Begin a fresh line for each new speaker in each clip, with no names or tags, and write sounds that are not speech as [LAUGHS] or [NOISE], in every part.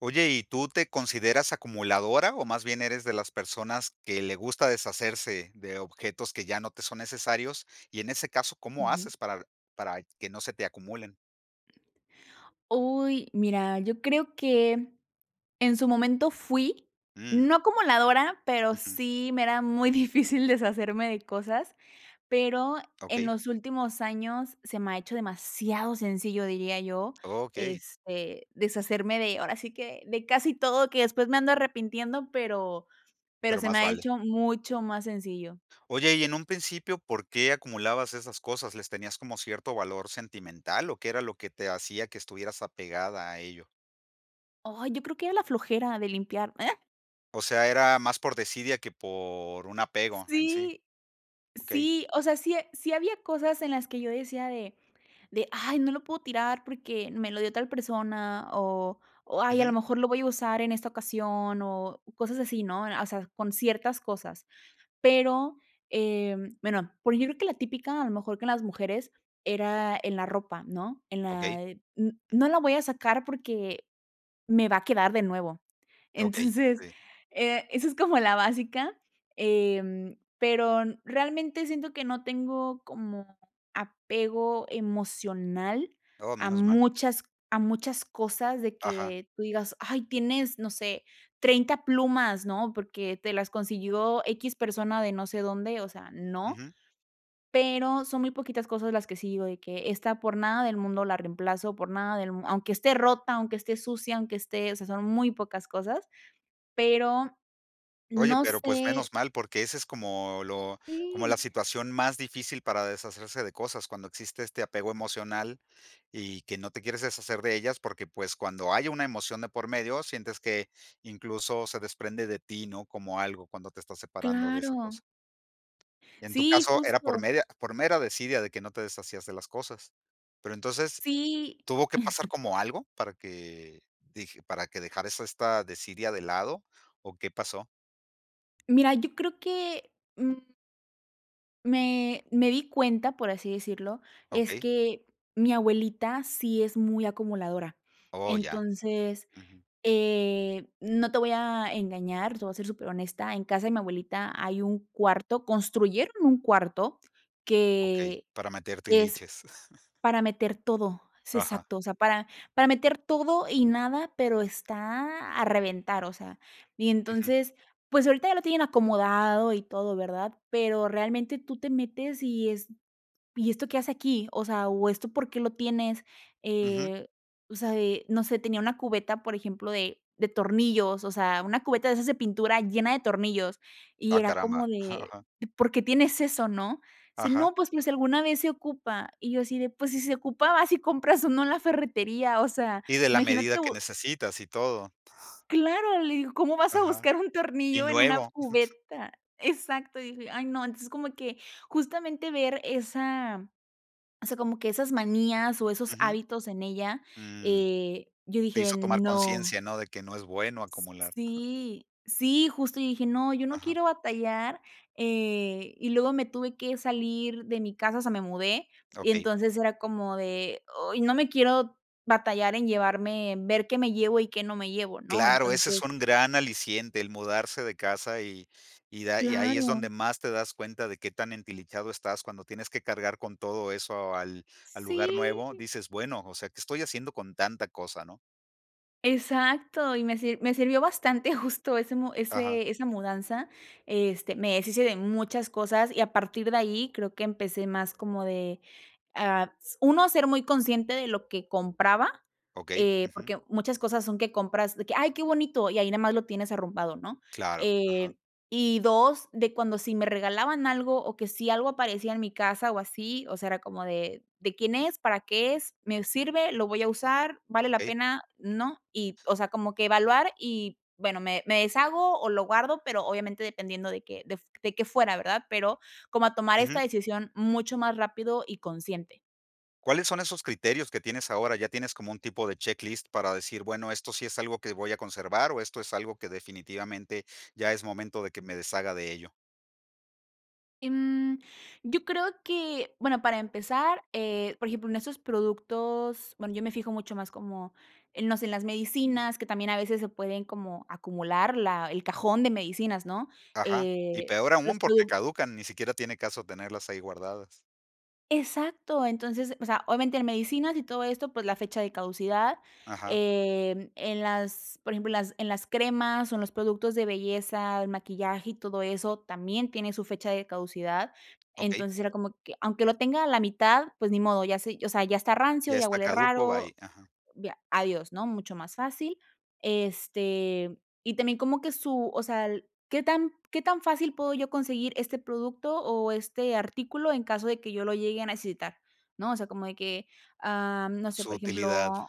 Oye, ¿y tú te consideras acumuladora o más bien eres de las personas que le gusta deshacerse de objetos, que ya no te son necesarios?, y en ese caso, ¿cómo
Ujú.
haces para para que no se te acumulen?
Uy, mira, yo creo que en su momento fui,
Mm.
no acumuladora, pero
Ujú.
sí, me era muy difícil deshacerme de cosas, pero, en
Okey.
los últimos años se me ha hecho demasiado sencillo diría yo,
¡Okey!
este, deshacerme de ahora sí que, de casi todo que después me ando arrepintiendo, pero pero
Pero
se
más
me ha
vale.
hecho mucho más sencillo.
Oye, y en un principio, ¿por qué acumulabas esas cosas? ¿Les tenías como cierto valor sentimental o qué era lo que te hacía que estuvieras apegada a ello?
¡Ay!, yo creo que era la flojera de limpiar, eh.
O sea, era más por desidia que por un apego en sí.
Sí,
Okey.
sí, o sea, sí, ha sí, había cosas en las que yo decía de de: "Ay, no lo puedo tirar porque me lo dio tal persona", o o "Ay, a lo
Ujú.
mejor lo voy a usar en esta ocasión", o cosas así, ¿no?, o sea, con ciertas cosas. Pero, em, bueno, por ejemplo, que la típica a lo mejor que en las mujeres, era en la ropa, ¿no?, en
Okey,
la, eh, n
ujú.
no la voy a sacar porque me va a quedar de nuevo.
Okey,
Entonces,
sí.
eh, eso es como la básica, em, pero realmente siento que no tengo como apego emocional
¡Oh!,
a
menos mal.
muchas a muchas cosas de
Ajá.
que tú digas: "Ay, tienes no sé, 30 plumas", ¿no?, porque te las consiguió, equis, persona de, no sé, dónde, o sea, no.
Ujú.
Pero son muy poquitas cosas las que sí digo de que: "Esta por nada del mundo la reemplazo, por nada del mundo, aunque esté rota, aunque esté sucia, aunque esté", o sea, son muy pocas cosas, pero,
Oye,
no
pero pues,
sé
menos mal, porque ese es como lo como la
¡Sí!
situación más difícil para deshacerse de cosas cuando existe este apego emocional, y que no te quieres deshacer de ellas porque pues, cuando hay una emoción de por medio, sientes que incluso se desprende de ti, ¿no?, como algo cuando te estás separando de esa
¡Claro!
cosa. En tu
¡Sí!,
caso, era por
justo.
media por mera desidia de que no te deshacías de las cosas. Pero entonces,
¡Sí!
¿tuvo que pasar
[CHUCKLES]
como algo?, para que dije para que dejaras esta desidia de lado o, ¿qué pasó?
Mira, yo creo que, mm. Me me di cuenta, por así decirlo, es
Okey.
que mi abuelita sí es muy acumuladora.
Oh, ya,
Entonces,
ujú.
eh, no te voy a engañar. Te voy a ser súper honesta. En casa de mi abuelita hay un cuarto. Construyeron un cuarto
Okey,
que
para meter
es
tiliches. [CHUCKLES]
para meter todo. Es
Ajá.
exacto. O sea, para, para meter todo y nada, pero está a reventar, o sea, y
Ujú.
entonces, pues, ahorita ya lo tienen acomodado y todo, ¿verdad? Pero realmente tú te metes y es, ¿y esto qué hace aquí? O sea, ¿o esto por qué lo tienes?
Ujú.
Eh, o sea, eh, no sé, tenía una cubeta, por ejemplo, de de tornillos. O sea, una cubeta de esas de pintura llena de tornillos y
Ah,
era
caramba.
como
Ajá,
de,
ajá.
¿por qué tienes eso, no? Sí,
Ajá.
no, pues que si alguna vez se ocupa y yo así de, pues si se ocupaba vas y compras o no en la ferretería. O sea,
Y de la
imagina
medida que
tú.
necesitas y todo.
Claro, le digo: "¿Cómo vas a
Ajá
buscar un
y
tornillo en una
nuevo. [CHUCKLES]
cubeta? Exacto. Y dije: "Ay, no". Entonces como que justamente ver esa, o sea, como que esas manías o esos
Ujú.
hábitos en ella,
Mm,
eh, yo
te
dije
hizo tomar
no.
conciencia, ¿no?, de que no es bueno acumular. Ajá.
Sí, sí, justo y dije: "No, yo no
Ajá.
quiero batallar", eh, y luego me tuve que salir de mi casa. O sea, me mudé y
Okey.
entonces era como de, ay, no me quiero batallar en llevarme ver qué me llevo y qué no me llevo, ¿no?
Claro, ese
Entonces
es un gran aliciente, el mudarse de casa y y da, y ahí es
Claro.
donde más te das cuenta de qué tan entilichado estás cuando tienes que cargar con todo eso al al lugar nuevo,
Sí.
dices bueno, o sea, que estoy haciendo con tanta cosa, ¿no?
Exacto, y me me sirvió bastante [CHUCKLES] justo ese
Ajá.
ese esa mudanza, este, me deshice de muchas cosas y a partir de ahí creo que empecé más como de, ah, s 1 ser muy consciente de lo que compraba,
Okey,
eh,
ujú.
porque muchas cosas son que compras de que: "Ay, qué bonito". Y ahí nada más lo tienes arrumbado, ¿no?,
Claro,
eh,
ajá.
y 2 de cuando si me regalaban algo o que si algo aparecía en mi casa o así, o sea, era como de: "¿De quién es? ¿Para qué es? ¿Me sirve? ¿Lo voy a usar? ¿Vale la
Ey.
pena?, ¿no?", y, o sea, como que evaluar y bueno, me me deshago o lo guardo, pero, obviamente dependiendo de que f de que fuera, ¿verdad?, pero, como a tomar
Ujú.
esta decisión mucho más rápido y consciente.
¿Cuáles son esos criterios que tienes ahora? ¿Ya tienes como un tipo de checklist para decir bueno, esto sí es algo que voy a conservar o esto es algo que definitivamente, ya es momento de que me deshaga de ello?
Em, yo creo que bueno, para empezar, eh, por ejemplo, en estos productos, bueno, yo me fijo mucho más como en, no sé, en las medicinas que también a veces se pueden como acumular la el cajón de medicinas, ¿no?,
Ajá, y
eh,
peor
los
aún porque
produc
caducan, ni siquiera tiene caso tenerlas ahí guardadas.
Exacto. Entonces, o sea, obviamente en medicinas y todo esto, pues la fecha de caducidad,
Ajá.
em, en las, por ejemplo, en las en las cremas o en los productos de belleza, el maquillaje y todo eso, también tiene su fecha de caducidad.
Okey.
Entonces, era como que aunque lo tenga a la mitad, pues ni modo, ya se o sea, ya está rancio,
Ya
ya
está
huele
caduco,
raro.
bye, ajá.
Via adiós, ¿no?, mucho más fácil. Este y también como que su o sea, el ¿qué tan qué tan fácil puedo yo conseguir este producto o este artículo en caso de que yo lo llegue a necesitar, no? O sea, como de que, am no sé,
Su
por
utilidad.
ejemplo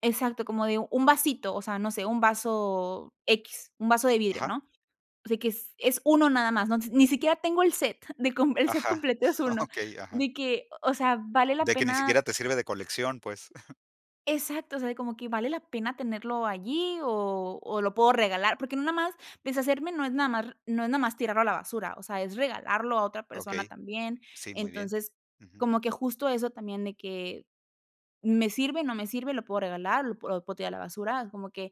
Exacto, como de 1 vasito o sea, no sé 1 vaso X, un vaso de vidrio,
Ajá.
¿no? O sea, que es es uno nada más, ¿no? Ni siquiera tengo el set de com el set
Ajá,
completo, es uno
okey, ajá.
de que, o sea, ¿vale la
De que ni
pena?
siquiera te sirve de colección, pues. [CHUCKLES]
Exacto, o sea, de como que, ¿vale la pena tenerlo allí o o lo puedo regalar? Porque no nada más deshacerme, no es nada más r no es nada más tirarlo a la basura, o sea, es regalarlo a otra persona
Okey.
también.
Sí, muy bien.
Entonces,
Ujú.
como que justo eso también de que, ¿me sirve, no me sirve, lo puedo regalar, lo p o lo puedo tirar a la basura? Como que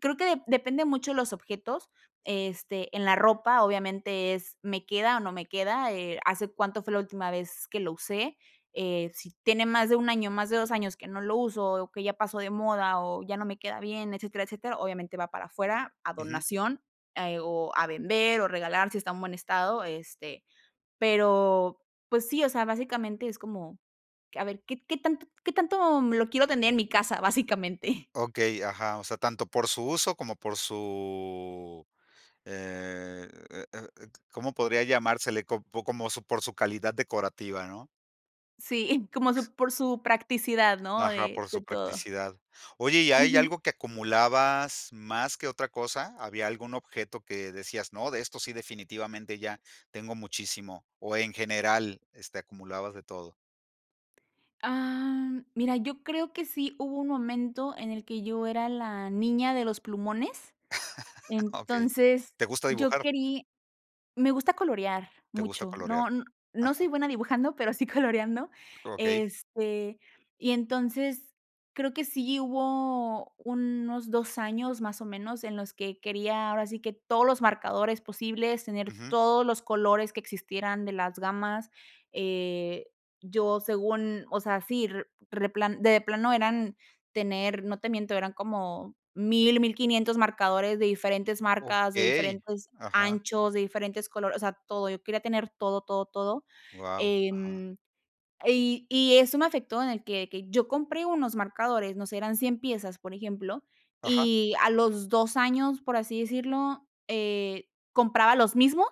creo que de depende mucho de los objetos. Este, en la ropa obviamente es, ¿me queda o no me queda?, eh, ¿hace cuánto fue la última vez que lo usé? Eh, si tiene más de 1 año, más de 2 años que no lo uso o que ya pasó de moda o ya no me queda bien, etcétera, etcétera, obviamente va para afuera a
Ujú.
donación, eh, o a vender o regalar si está en buen estado, este, pero pues sí, o sea, básicamente es como q a ver, ¿qué qué tanto qué tanto, mm, lo quiero tener en mi casa? Básicamente.
Okey, ajá, o sea, tanto por su uso como por su eh eh eh et ¿cómo podría llamársele? ¿Cop como por su calidad decorativa, no?
Sí, [CHUCKLES] y como su por su practicidad, no
Ajá,
de
por
de
su
todo.
practicidad. Oye, ¿y hay
Ujú.
algo que acumulabas más que otra cosa? ¿Había algún objeto que decías: "No, de esto sí, definitivamente ya tengo muchísimo", o en general, este acumulabas de todo?
Ah, mira, yo creo que sí, hubo un momento en el que yo era la niña de los plumones.
[LAUGHS] Okey,
Entonces
¿te gusta
yo
dibujar?
querí me gusta colorear
Te gusta
mucho.
colorear,
No, no no soy
ajá.
buena dibujando, pero sí coloreando,
Okey.
este, y entonces creo que sí hubo unos 2, años más o menos en los que quería, ahora sí que todos los marcadores posibles, tener
Ujú.
todos los colores que existieran de las gamas, eh, yo según, o sea, sí, re replan de plano eran tener, no te miento eran como 1000, 1500, marcadores de diferentes marcas, de
Okey,
diferentes
ajá.
anchos, de diferentes colores. O sea, todo. Yo quería tener todo, todo, todo,
Guau, ajá.
em, y y eso me afectó en el que que yo compré unos marcadores. No sé, eran 100 piezas, por ejemplo,
Ajá.
y a los 2, años, por así decirlo, eh, compraba los mismos,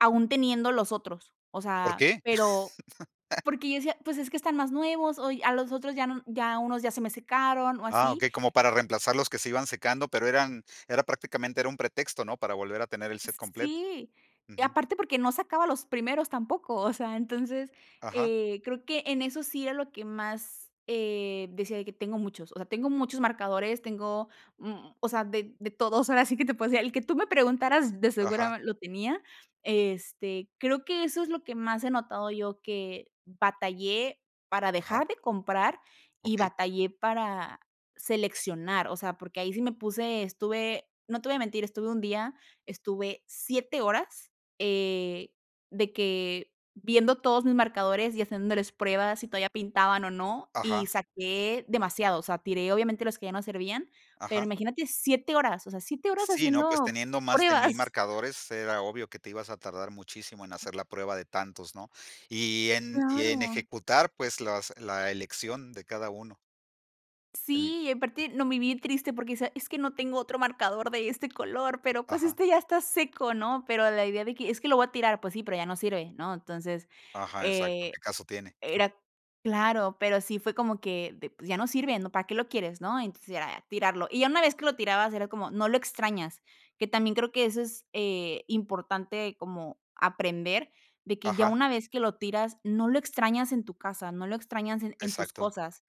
aun teniendo los otros. O
¿Por
sea,
qué?
pero
[CHUCKLES]
porque yo decía, pues es que están más nuevos, o y, a los otros ya no, ya unos ya se me secaron o
Ah,
así,
okey, como para
eh
reemplazar los que se iban secando, pero eran era prácticamente era un pretexto, ¿no? Para volver a tener el set completo.
Sí, y
Ujú.
aparte porque no sacaba los primeros tampoco. O sea, entonces,
Ajá.
eh, creo que en eso sí era lo que más, eh, decía, de que tengo muchos. O sea, tengo muchos marcadores. Tengo, mm, o sea, de de todos. Ahora sí que te puedo decir el que tú me preguntaras, de
Ajá.
seguro lo tenía. Este, creo que eso es lo que más he notado yo, que batallé para
Ajá.
dejar de comprar y
Okey.
batallé para seleccionar. O sea, porque ahí sí me puse, estuve. No te voy mentir. Estuve un día, estuve 7, horas, eh, de que viendo todos mis marcadores y haciéndoles pruebas, si todavía pintaban o no, y
Ajá.
saqué demasiados. O sea, tiré obviamente los que ya no servían, pero
Ajá.
imagínate 7, o sea, 7,
Sí, ¿no? Pues,
haciendo
teniendo más de 1000,
pruebas. [CHUCKLES]
marcadores, era obvio que te ibas a tardar muchísimo en hacer la prueba de tantos, ¿no? Y en y en
Claro.
ejecutar, pues, las la elección de cada uno. El
Sí, aparte no me vi triste porque esa es que no tengo otro marcador de este color, pero pues,
Ajá.
este ya está seco, ¿no?, pero la idea de que, es que lo voy a tirar. Pues sí, pero ya no sirve, ¿no?, entonces,
Ajá, exacto,
eh,
¿qué caso tiene?, ujú.
era ¡claro!, pero sí fue como que de p ya no sirve, ¿no?, ¿para qué lo quieres?, ¿no? Entonces, ya era tirarlo, y ya una vez que lo tirabas era como, no lo extrañas, que también creo que eso es, eh, importante como aprender de que ya
Ajá.
una vez que lo tiras, no lo extrañas en tu casa. No lo extrañas en en tus
Exacto.
cosas.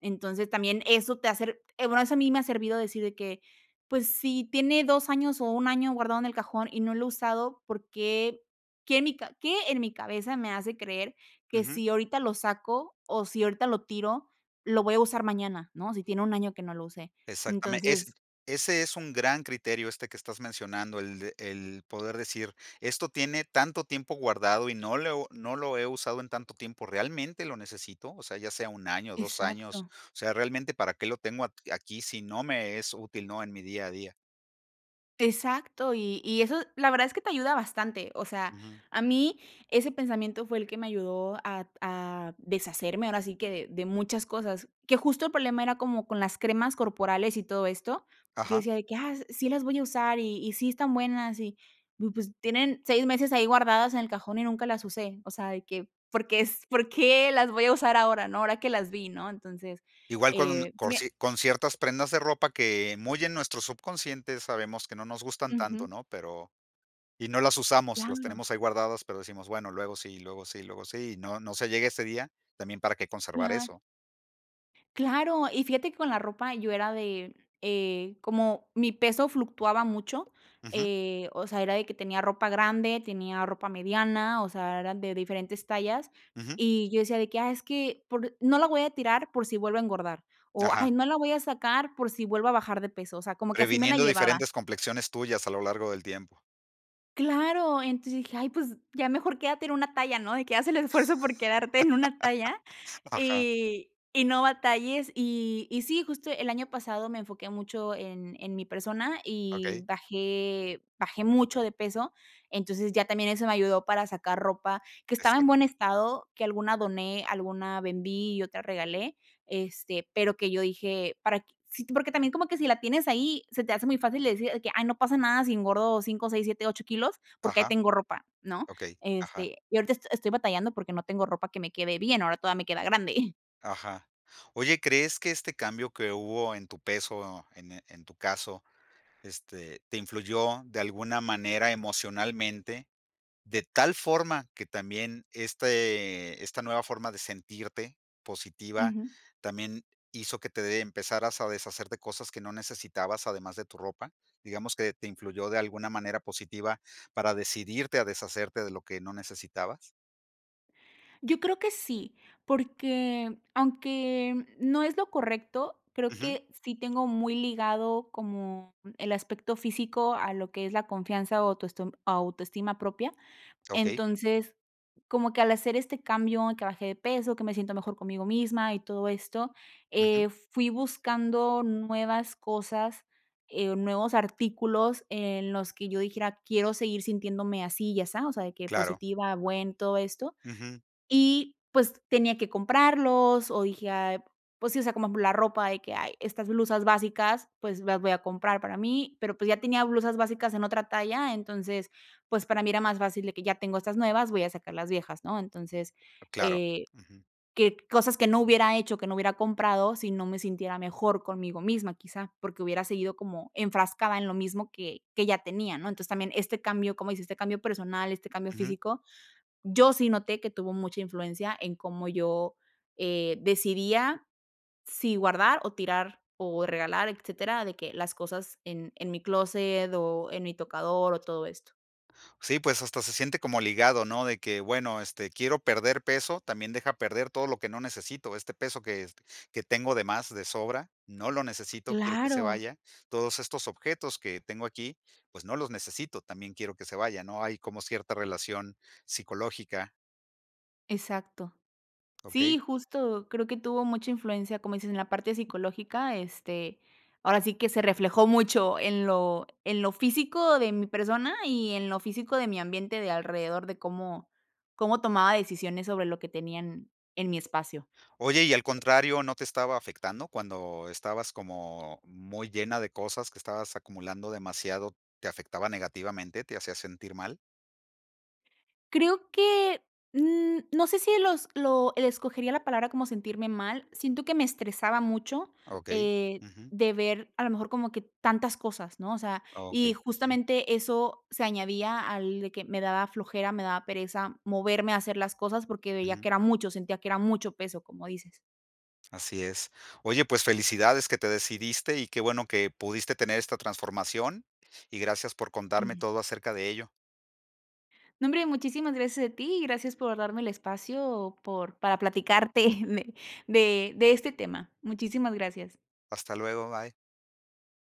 Entonces, también eso te hace r eh, bueno, eso a mí me ha servido decir de que: "Pues, si tiene 2 años o 1 año guardado en el cajón y no lo he usado, ¿por qué qué en mi ca qué en mi cabeza me hace creer, que
Ujú.
si ahorita lo saco o si ahorita lo tiro, lo voy a usar mañana?", ¿no?, si tiene 1 año que no lo usé,
Exactamente, es
entonces
ese es un gran criterio este que estás mencionando, el de el poder decir: "Esto tiene tanto tiempo guardado y no lo he u no lo he usado en tanto tiempo, ¿realmente lo necesito?, o sea, ya sea 1 año, 2 años.
Exacto.
O sea, realmente, ¿para qué lo tengo aq aquí si no me es útil?, ¿no?, en mi día a día".
Exacto, y y eso la verdad es que te ayuda bastante, o sea,
Ujú.
a mí ese pensamiento fue el que me ayudó a a deshacerme, ahora sí que de muchas cosas que justo el problema era como con las cremas corporales y todo esto, yo
Ajá.
decía de que: "Ah, sí, las voy a usar y y sí están buenas", y pues, tienen 6 meses ahí guardadas en el cajón y nunca las usé, o sea, de que, ¿por qué es, por qué las voy a usar ahora, no?, ahora que las vi, ¿no? entonces,
Igual con
eh, sí
con
me
cier con ciertas prendas de ropa que muy en nuestros subconscientes, sabemos que no nos gustan
Ujú.
tanto, ¿no?, pero y no las usamos, las
Claro.
tenemos ahí guardadas, pero decimos, bueno, luego sí, luego sí, luego sí, y no no se llegue ese día, también para que conservar
Claro.
eso.
Claro, y fíjate que con la ropa yo era de, eh, como mi peso fluctuaba mucho,
Ujú.
eh, o sea, era de que tenía ropa grande, tenía ropa mediana, o sea, eran de diferentes tallas
Ujú.
y yo decía de que: "Ah, es que, por no la voy a tirar por si vuelvo a engordar" o,
Ajá.
"Ay, no la voy a sacar por si vuelvo a bajar de peso", o sea, como que así me la
Previniendo
llevaba.
diferentes complexiones tuyas a lo largo del tiempo.
Claro, entonces dije: "Ay, pues ya mejor, quédate en una talla, ¿no?, de que haz el esfuerzo por quedarte en una talla
[LAUGHS] Ajá.
y y no batalles", y y sí, justo el año pasado me enfoqué mucho en en mi persona y
Okey.
bajé bajé mucho de peso. Entonces, ya también eso me ayudó para sacar ropa que estaba en buen
Exacto.
estado, que alguna doné, alguna vendí y otra regalé, este, pero que yo dije: "Para q". Sí, porque también como que si la tienes ahí se te hace muy fácil de decir que: "Ay, no pasa nada si engordo 5, 6, 7, 8 kilos porque ahí
Ajá.
tengo ropa", ¿no?
Okey, ajá.
Este, y ahorita est estoy batallando porque no tengo ropa que me quede bien. Ahora toda me queda grande. [CHUCKLES]
Ajá, oye, ¿crees que este cambio que hubo en tu peso ene en tu caso, este, te influyó de alguna manera emocionalmente, de tal forma que también este esta nueva forma de sentirte positiva
Ujú.
también hizo que te de empezaras a deshacer de cosas que no necesitabas además de tu ropa? Digamos que, ¿te influyó de alguna manera positiva para decidirte a deshacerte de lo que no necesitabas?
Yo creo que sí, porque aunque no es lo correcto, creo
Ujú.
que sí tengo muy ligado como el aspecto físico a lo que es la confianza o autoestoma autoestima propia,
Okey.
entonces, como que al hacer este cambio que bajé de peso que me siento mejor conmigo misma y todo esto,
Ujú.
eh, fui buscando nuevas cosas, eh, nuevos artículos en los que yo dijera: "Quiero seguir sintiéndome así y asa", o sea, de que
Claro.
positiva, buen todo esto,
Ujú.
y pues, tenía que comprarlos o dije: "Ay", pues sí, o sea, como la ropa de que: "Ay, estas blusas básicas, pues, las voy a comprar para mí", pero, pues, ya tenía blusas básicas en otra talla, entonces, pues, para mí era más fácil de que ya tengo estas nuevas, voy a sacar las viejas, ¿no?, entonces,
Claro,
eh,
ujú.
que cosas que no hubiera hecho, que no hubiera comprado si no me sintiera mejor conmigo misma, quizá, porque hubiera seguido como enfrascada en lo mismo que que ya tenía, ¿no?, entonces también este cambio, cómo dices, este cambio personal, este cambio
Ujú.
físico, yo sí noté que tuvo mucha influencia en cómo yo, eh, decidía si guardar, o tirar, o regalar, etcétera, de que las cosas en en mi clóset o en mi tocador o todo esto.
Sí, pues, hasta se siente como ligado, ¿no?, de que, bueno, este, quiero perder peso, también deja perder todo lo que no necesito, este peso que es que tengo de más de sobra, no lo necesito, quiero que se
Claro.
vaya. Todos estos objetos que tengo aquí, pues no los necesito, también quiero que se vaya, no hay como cierta relación psicológica.
Exacto.
Okey.
Sí, justo. Creo que tuvo mucha influencia, como dices en la parte psicológica. Este, ahora sí que se reflejó mucho en lo en lo físico de mi persona y en lo físico de mi ambiente de alrededor, de cómo cómo tomaba decisiones sobre lo que tenía en en mi espacio.
Oye, ¿y al contrario, no te estaba afectando cuando estabas como muy llena de cosas que estabas acumulando demasiado, te afectaba negativamente?, ¿te hacía sentir mal?
Creo que, mm, no sé, si los lo le escogería la palabra como sentirme mal. Siento que me estresaba mucho,
Okey,
eh,
ujú.
de ver a lo mejor como que tantas cosas, ¿no?, o sea, y
Okey, ujú.
justamente eso se añadía al de que me daba flojera, me daba pereza moverme a hacer las cosas, porque veía que
Ujú.
era mucho, sentía que era mucho peso, como dices.
Así es. Oye, pues felicidades que te decidiste y qué bueno que, pudiste tener esta transformación y gracias por contarme
Ujú.
todo acerca de ello.
No, hombre. Muchísimas gracias a ti. Gracias por darme el espacio por para platicarte [CHUCKLES] de de de este tema. Muchísimas gracias.
Hasta luego, bye.